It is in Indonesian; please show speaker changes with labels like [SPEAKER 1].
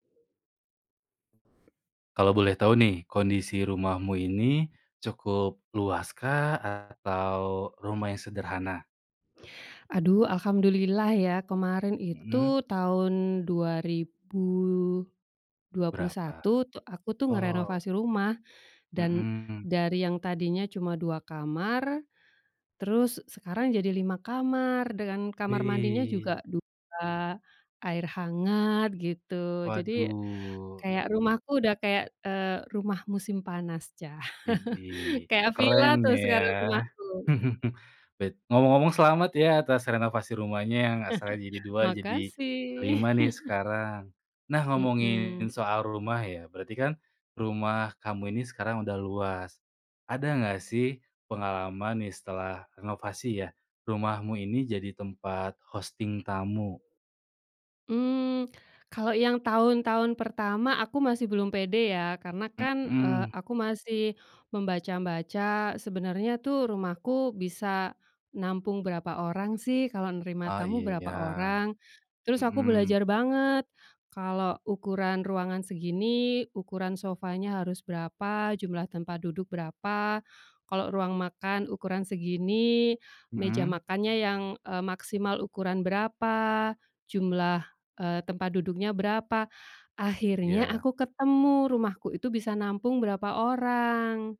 [SPEAKER 1] Kalau boleh tahu nih, kondisi rumahmu ini cukup luaskah? Atau rumah yang sederhana?
[SPEAKER 2] Aduh, alhamdulillah ya. Kemarin itu,
[SPEAKER 1] Mhm.
[SPEAKER 2] tahun dua ribu dua puluh
[SPEAKER 1] Berapa?
[SPEAKER 2] satu, tu aku tuh
[SPEAKER 1] Oh.
[SPEAKER 2] ngerenovasi rumah. Dan
[SPEAKER 1] Mhm.
[SPEAKER 2] dari yang tadinya cuma 2 kamar, terus se sekarang jadi 5 kamar, dengan kamar mandinya
[SPEAKER 1] Wih.
[SPEAKER 2] juga 2 air hangat gitu, jadi
[SPEAKER 1] Waduh.
[SPEAKER 2] kayak rumahku udah kayak, eee, rumah musim panas, cah,
[SPEAKER 1] Idih,
[SPEAKER 2] kayak vila
[SPEAKER 1] keren
[SPEAKER 2] tuh sekarang
[SPEAKER 1] ya.
[SPEAKER 2] rumahku.
[SPEAKER 1] Bet ngomong-ngomong selamat ya atas renovasi rumahnya, yang asalnya jadi 2 jadi
[SPEAKER 2] Makasih.
[SPEAKER 1] 5 nih sekarang. Nah, ngomongin
[SPEAKER 2] Mhm.
[SPEAKER 1] soal rumah ya, berarti kan, rumah kamu ini sekarang udah luas. Ada enggak sih, pengalaman nih, setelah renovasi ya, rumahmu ini jadi tempat hosting tamu?
[SPEAKER 2] Mmm, kalau yang tahun-tahun pertama, aku masih belum pede ya. Karena kan, eee,
[SPEAKER 1] Mhm.
[SPEAKER 2] aku masih membaca-baca, sebenarnya tuh rumahku bisa nampung berapa orang sih, kalau nerima
[SPEAKER 1] Ah,
[SPEAKER 2] tamu berapa
[SPEAKER 1] iya,
[SPEAKER 2] orang. Terus aku
[SPEAKER 1] mhm.
[SPEAKER 2] belajar banget, kalo ukuran ruangan segini, ukuran sofanya harus berapa, jumlah tempat duduk berapa. Kalo ruang makan ukuran segini, meja
[SPEAKER 1] Mhm.
[SPEAKER 2] makannya yang, eee, maksimal ukuran berapa, jumlah, eee, tempat duduknya berapa. Akhirnya
[SPEAKER 1] Iya.
[SPEAKER 2] aku ketemu, rumahku itu bisa nampung berapa orang.